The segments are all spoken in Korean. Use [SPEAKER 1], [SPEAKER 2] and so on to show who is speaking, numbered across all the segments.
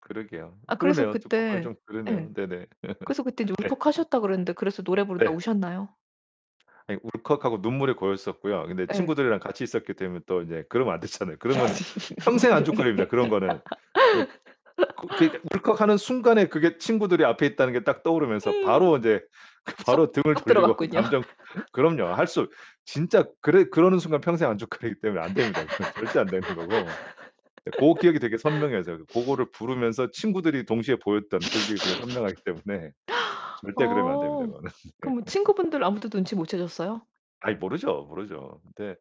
[SPEAKER 1] 그러게요.
[SPEAKER 2] 아 그래서
[SPEAKER 1] 그러네요. 듣고 보니
[SPEAKER 2] 그때
[SPEAKER 1] 좀
[SPEAKER 2] 예.
[SPEAKER 1] 그러네요. 네네.
[SPEAKER 2] 그래서 그때 이제
[SPEAKER 1] 네.
[SPEAKER 2] 울컥하셨다고 그랬는데 그래서 노래 부르다
[SPEAKER 1] 네.
[SPEAKER 2] 우셨나요?
[SPEAKER 1] 아이 울컥하고 눈물이 고였었고요. 근데
[SPEAKER 2] 예.
[SPEAKER 1] 친구들이랑 같이 있었기 때문에 또 이제 그러면 안 되잖아요. 그러면 평생 안줏거리입니다, 그런 거는. 읍 그 그러니까 울컥하는 순간에 그게 친구들이 앞에 있다는 게 딱 떠오르면서
[SPEAKER 2] 음.
[SPEAKER 1] 바로 이제 그
[SPEAKER 2] 쏙,
[SPEAKER 1] 바로 등을
[SPEAKER 2] 쏙
[SPEAKER 1] 돌리고
[SPEAKER 2] 들어갔군요.
[SPEAKER 1] 감정 그럼요. 할 수 진짜 그래 그러는 순간 평생 안줏거리기 때문에 안 됩니다. 그건 절대 안 되는 거고. 네. 고 기억이 되게 선명해서요. 고거를 부르면서 친구들이 동시에 보였던 그 기억이 되게 선명하기 때문에 절대 그러면 안됩니다,
[SPEAKER 2] 아.
[SPEAKER 1] 그거는. 네.
[SPEAKER 2] 그럼 친구분들 아무도 눈치 못 채셨어요?
[SPEAKER 1] 아이 모르죠, 모르죠. 근데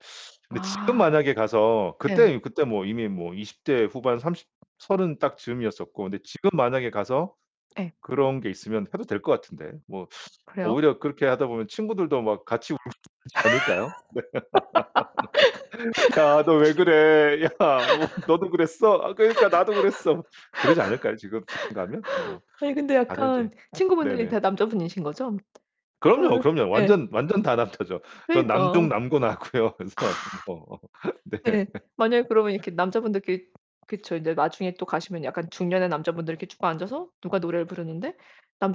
[SPEAKER 1] 근데 지금
[SPEAKER 2] 아.
[SPEAKER 1] 만약에 가서
[SPEAKER 2] 예.
[SPEAKER 1] 그때, 그때 뭐 이미 뭐 20 대 후반 30 30 딱 즈음이었었고 근데 지금 만약에 가서
[SPEAKER 2] 예.
[SPEAKER 1] 그런 게 있으면 해도 될 것 같은데 뭐
[SPEAKER 2] 그래요?
[SPEAKER 1] 오히려 그렇게 하다 보면 친구들도 막 같이 울고 그러지 않을까요? "야, 너 왜 그래? 야, 너도 그랬어? 그러니까 나도 그랬어." 그러지 않을까요? 지금, 지금 가면? 뭐
[SPEAKER 2] 네, 근데
[SPEAKER 1] 다들
[SPEAKER 2] 약간
[SPEAKER 1] 이제
[SPEAKER 2] 친구분들이
[SPEAKER 1] 네네.
[SPEAKER 2] 다 남자분이신거죠?
[SPEAKER 1] 그럼요,
[SPEAKER 2] 그러면은
[SPEAKER 1] 그럼요.
[SPEAKER 2] 예.
[SPEAKER 1] 완전, 완전 다 남자죠. 전
[SPEAKER 2] 그러니까.
[SPEAKER 1] 남중 남고 나왔고요. 그래서 뭐 네.
[SPEAKER 2] 네, 만약에 그러면 이렇게 남자분들끼리 그쵸. 인제 나중에 또 가시면 약간 중년의 남자분들 이렇게 쭉 앉아서 누가 노래를 부르는데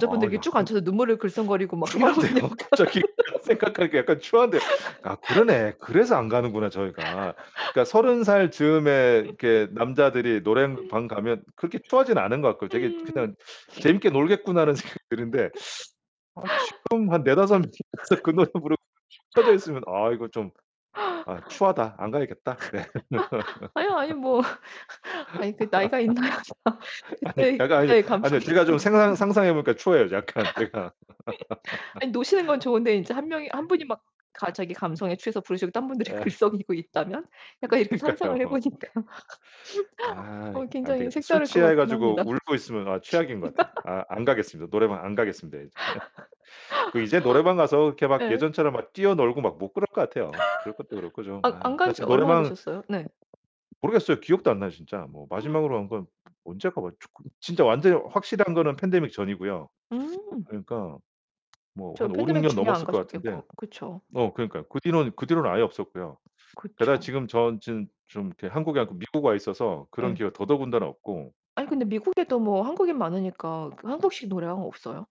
[SPEAKER 1] 아
[SPEAKER 2] 이렇게 쭉
[SPEAKER 1] 약간
[SPEAKER 2] 앉아서 눈물을 글썽거리고 막 이러면
[SPEAKER 1] 추한데요.
[SPEAKER 2] 약간
[SPEAKER 1] 갑자기 약간 생각하니까 약간 추한데요. 아 그러네. 그래서 안 가는구나 저희가. 그러니까 30 살 즈음에 이렇게 남자들이 노래방 가면 그렇게 추하진 않은 것 같고. 되게
[SPEAKER 2] 음.
[SPEAKER 1] 그냥 '재밌게 놀겠구나.'라는 생각이 드는데. 아 지금 한 4, 5 명이 가서 그 노래 부르고 축 쳐져 있으면 '아 이거 좀 아 추하다. 안 가야겠다.' 네.
[SPEAKER 2] 아니요, 아니요. 뭐 아이 그 나이가 있나요.
[SPEAKER 1] 아니,
[SPEAKER 2] 그때의
[SPEAKER 1] 잠깐 아니
[SPEAKER 2] 그때의
[SPEAKER 1] 아니요.
[SPEAKER 2] 감성이
[SPEAKER 1] 제가 좀 생각
[SPEAKER 2] 있으신가 봐요.
[SPEAKER 1] 상상해 보니까 추해요. 약간 제가.
[SPEAKER 2] 아이 노시는 건 좋은데 인제 1 명이 1 분이 막 가 자기 감성에 취해서 부르시고 다른 분들이
[SPEAKER 1] 예.
[SPEAKER 2] 글썽이고 있다면? 약간 이렇게 상상을 해
[SPEAKER 1] 그러니까요.
[SPEAKER 2] 보니까. 어,
[SPEAKER 1] 아이, 안
[SPEAKER 2] 굉장히
[SPEAKER 1] 되겠다. 술
[SPEAKER 2] 색다를 것
[SPEAKER 1] 취해
[SPEAKER 2] 같긴 합니다.
[SPEAKER 1] 가지고 울고 있으면 아 최악인 것 같아요. 아, 안 가겠습니다. 노래방 안 가겠습니다 이제. 그 이제 노래방 가서 이렇게 막
[SPEAKER 2] 예.
[SPEAKER 1] 예전처럼 막 뛰어놀고 막 못 그럴 것 같아요. 그럴 것도 그렇고 좀
[SPEAKER 2] 아
[SPEAKER 1] 아
[SPEAKER 2] 안 간지
[SPEAKER 1] 사실
[SPEAKER 2] 얼마나
[SPEAKER 1] 노래방
[SPEAKER 2] 되셨어요? 네.
[SPEAKER 1] 모르겠어요. 기억도 안 나요, 진짜. 뭐 마지막으로 간 건 언제 가 봤지? 지금 진짜 완전히 확실한 거는 팬데믹 전이고요.
[SPEAKER 2] 음.
[SPEAKER 1] 그러니까 뭐
[SPEAKER 2] 저
[SPEAKER 1] 한 5, 6
[SPEAKER 2] 팬데믹
[SPEAKER 1] 년
[SPEAKER 2] 중에 안
[SPEAKER 1] 넘었을 것 같은데.
[SPEAKER 2] 가셨겠고. 그쵸.
[SPEAKER 1] 어, 그러니까요. 그 뒤로는, 그 뒤로는 아예 없었고요. 게다가
[SPEAKER 2] 그쵸.
[SPEAKER 1] 지금 전 지금 좀 이렇게 한국이 아니고 미국 와 있어서 그런
[SPEAKER 2] 예.
[SPEAKER 1] 기회가 더더군다나 없고.
[SPEAKER 2] 아이 근데 미국에도 뭐 한국인 많으니까 그 한국식 노래방 없어요?